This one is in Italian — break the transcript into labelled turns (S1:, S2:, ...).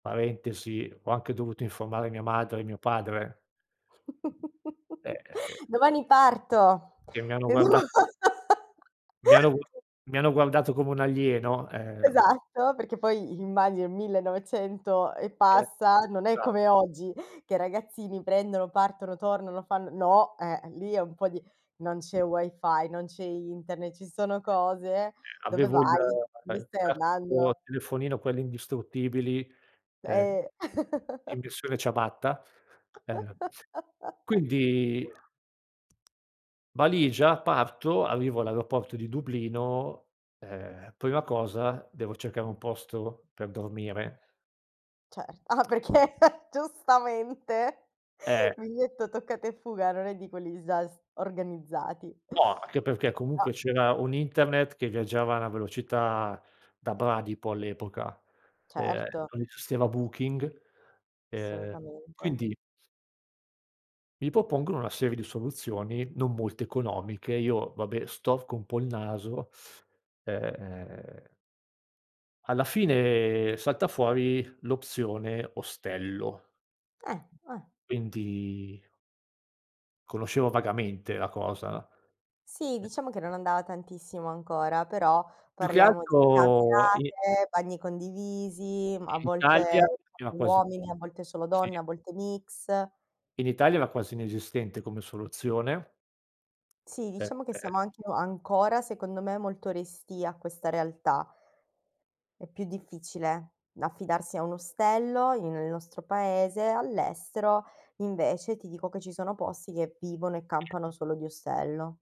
S1: Parentesi ho anche dovuto informare mia madre e mio padre. Eh-eh-eh.
S2: Domani parto,
S1: Che mi hanno guarda
S2: [unintelligible]
S1: mi hanno vu mi hanno guardato come un alieno, ehm.
S2: Esatto, perché poi immagino il 1900 e
S1: E
S2: passa, non è
S1: sa
S2: come oggi che i ragazzini prendono, partono, tornano, fan no, eh, lì è un po' di non c'è wifi, non c'è internet, ci sono cose. Dove
S1: Avevo il
S2: vai? Dove
S1: il
S2: stai
S1: classico
S2: andando?
S1: telefonino quelli indistruttibili, ehm,
S2: Eh.
S1: in versione ciabatta, ehm, quindi valigia parto, arrivo all'aeroporto di Dublino, ehm, prima cosa devo cercare un posto per dormire.
S2: Cer ah perché, giustamente,
S1: Eh.
S2: biglietto toccata e fuga, non è di quelli già s organizzati.
S1: No, anche perché
S2: Ah.
S1: comunque c'era un internet che viaggiava a una velocità da bradipo all'epoca, ehm,
S2: Certo.
S1: non esisteva Booking, ehm,
S2: Assolutamente.
S1: quindi mi propongono una serie di soluzioni non molto economiche, io vabbè storco un po' il naso, ehm... alla fine salta fuori l'opzione ostello.
S2: Eh, eh.
S1: Quindi... conoscevo vagamente la cosa.
S2: Sì,
S1: Eh
S2: diciamo che non andava tantissimo ancora, però
S1: Più che
S2: parliamo di
S1: altro i
S2: camerate, bagni condivisi, mh, a
S1: in Italia
S2: volte
S1: era
S2: solo
S1: quasi
S2: uomini, a volte solo
S1: sì.
S2: donne, a volte mix.
S1: In Italia era quasi inesistente come soluzione.
S2: Sì, diciamo che siamo anche ancora secondo me molto restii a questa realtà. È più difficile affidarsi a un ostello in nel nostro paese, all'estero, invece ti dico che ci sono posti, che vivono e campano solo di ostello.